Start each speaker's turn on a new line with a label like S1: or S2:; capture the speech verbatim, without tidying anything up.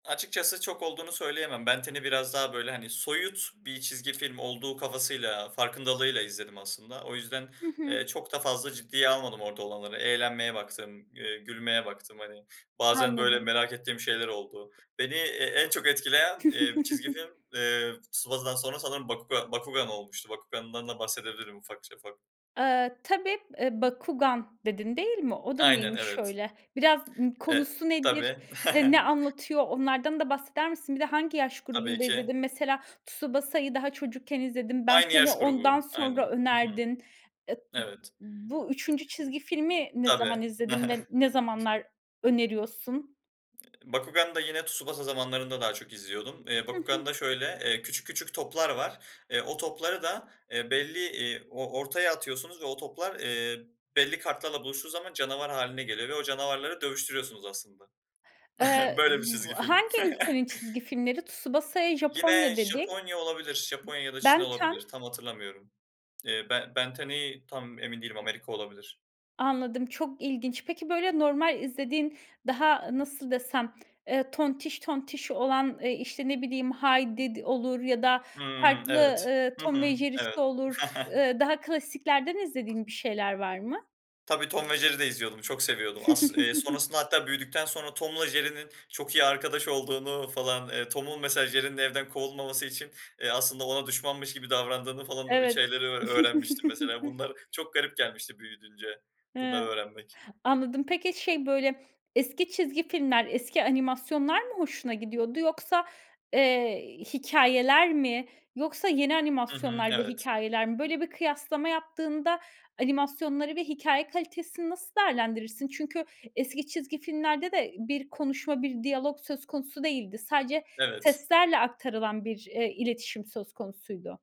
S1: Açıkçası çok olduğunu söyleyemem. Ben 10'i biraz daha, böyle, hani, soyut bir çizgi film olduğu kafasıyla, farkındalığıyla izledim aslında. O yüzden,
S2: Hı hı.
S1: eee, çok da fazla ciddiye almadım orada olanları. Eğlenmeye baktım, eee, gülmeye baktım. Hani, bazen, böyle,
S2: Anladım.
S1: merak ettiğim şeyler oldu. Beni, eee, en çok etkileyen, eee, çizgi film, eee, Tsubasa'dan sonra sanırım Bakuga Bakugan olmuştu. Bakugan'dan da bahsedebilirim ufakça ufak.
S2: Aaa, tabii, eee, "Bakugan" dedin, değil mi? O da
S1: Aynen,
S2: neymiş
S1: evet.
S2: öyle? Biraz Imm,
S1: E
S2: konusu nedir?
S1: tabii.
S2: Eee, ne anlatıyor? Onlardan da bahseder misin? Bir de hangi yaş
S1: Tabii
S2: grubunda
S1: ki.
S2: izledin? Mesela Tsubasa'yı daha çocukken izledin. Ben
S1: Aynı
S2: 10'i
S1: yaş
S2: ondan
S1: grubu.
S2: sonra
S1: Aynen. Hı hı.
S2: önerdin. E b
S1: Evet.
S2: bu üçüncü çizgi filmi ne zaman
S1: Tabii.
S2: izledin ve ne zamanlar öneriyorsun?
S1: Eee, Bakugan'da yine Tsubasa zamanlarında daha çok izliyordum. Eee,
S2: Hı hı.
S1: Bakugan'da şöyle, eee, küçük küçük toplar var, eee, o topları da, eee, belli, iii, o ortaya atıyorsunuz ve o toplar, eee, belli kartlarla buluştuğu zaman canavar hâline geliyor ve o canavarları dövüştürüyorsunuz aslında.
S2: Eee,
S1: Böyle bir
S2: b
S1: çizgi film.
S2: hangi ülkenin çizgi filmleri? Tsubasa'ya
S1: Yine
S2: Japonya dedik.
S1: Japonya olabilir, Japonya ya da Çin
S2: Ben 10?
S1: olabilir. Tam hatırlamıyorum. Eee, Ben 10'i tam emin değilim, Amerika olabilir.
S2: Anladım, çok ilginç. Peki, böyle, normal izlediğin, daha, nasıl desem? Eee, tontiş tontiş olan, eee, işte, ne bileyim, Heidi d olur ya da
S1: Hımm.
S2: farklı,
S1: Evet.
S2: ııı,
S1: Hı
S2: Tom ve
S1: hı.
S2: Jerry'si
S1: Evet.
S2: olur. Ş ııı, daha klasiklerden izlediğin bir şeyler var mı?
S1: Tabii, Tom ve Jerry'i de izliyordum. Çok seviyordum. As eee, sonrasında hatta büyüdükten sonra Tom'la Jerry'nin çok iyi arkadaş olduğunu falan, eee, Tom'un mesela Jerry'nin evden kovulmaması için, eee, aslında ona düşmanmış gibi davrandığını falan, eee,
S2: Evet.
S1: şeyleri ö öğrenmiştim mesela. Bunlar çok garip gelmişti büyüdünce
S2: He,
S1: bunları öğrenmek.
S2: anladım. Peki, şey, böyle, eski çizgi filmler, eski animasyonlar mı hoşuna gidiyordu? Yoksa, eee, hikâyeler mi yoksa yeni
S1: Hı hı,
S2: animasyonlar ve
S1: evet.
S2: hikâyeler mi? Böyle bir kıyaslama yaptığında animasyonları ve hikâye kalitesini nasıl değerlendirirsin? Çünkü eski çizgi filmlerde de bir konuşma, bir diyalog söz konusu değildi. Sadece
S1: Evet.
S2: seslerle aktarılan bir, eee, iletişim söz konusuydu.